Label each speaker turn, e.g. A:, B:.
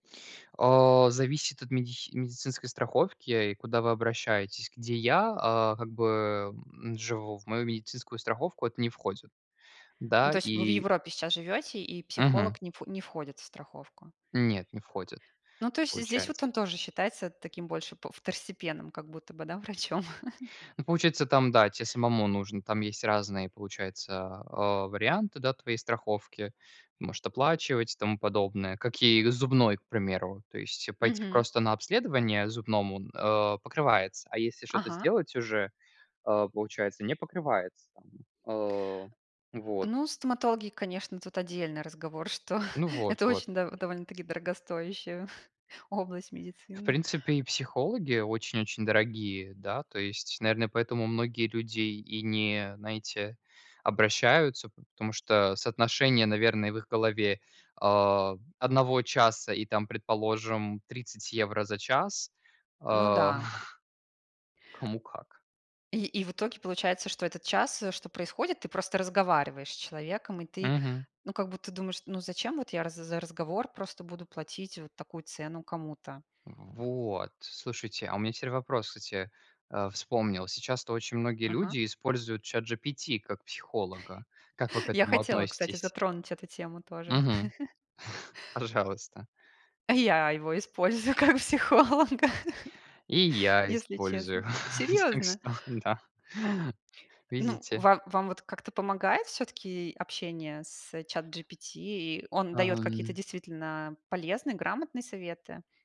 A: А. Зависит от медихи медицинской страховки, и куда вы обращаетесь. Где я, а, как бы, м, живу. В мою медицинскую страховку это не входит.
B: Ну,
A: Да,
B: то есть вы в
A: и
B: Европе сейчас живёте, и
A: Мгм.
B: психолог не вхо не входит в страховку?
A: Нет, не входит.
B: Ну, то есть здесь вот
A: Получается.
B: он тоже считается таким больше п второстепенным, как будто бы, да, врачом.
A: Ну, получается, там, да, те самому нужно там есть разные, получается, а, варианты, да, твоей страховки. Может оплачивать и тому подобное. Как и зубной, к примеру. То есть, э, пойти
B: Мгм.
A: просто на обследование зубному, а, покрывается, а если шо-то
B: Ага.
A: сделать уже, а, получается- не покрывается, там. А. Вот.
B: Ну, стоматологи, конечно, тут отдельный разговор, что
A: Ну вот.
B: это
A: Вот.
B: очень дов довольно-таки дорогостоящая область
A: В
B: медицины.
A: принципе, и психологи очень-очень дорогие, да. То есть. Наверно, поэтому многие люди и не, знаете, обращаются. П потому что соотношение, наверно, в их голове, а, 1 часа и, там, предположим, 30 евро за час.
B: Ну
A: А.
B: да.
A: Кому как.
B: И и в итоге получается, что этот час, э, что происходит- ты просто разговариваешь с человеком. И ты,
A: Мгм.
B: ну, как будто, думаешь: ну, зачем вот я раз за разговор просто буду платить вот такую цену кому-то?
A: В вот. Слушайте, а у меня теперь вопрос, кстати. Э, вспомнил. Сейчас-то очень многие
B: Ага.
A: люди используют ChatGPT как психолога. Как вы к
B: Я
A: этому
B: хотела, кстати,
A: относитесь?
B: затронуть эту тему
A: Мгм.
B: тоже.
A: Пожалуйста.
B: А я его использую как психолога,
A: И я
B: если честно.
A: использую. Так
B: Серьезно?
A: что, да.
B: Ну,
A: Видите.
B: ва вам вот как-то помогает всё-таки общение с ChatGPT? И он даёт какие-то
A: Ам.
B: действительно полезные, грамотные советы?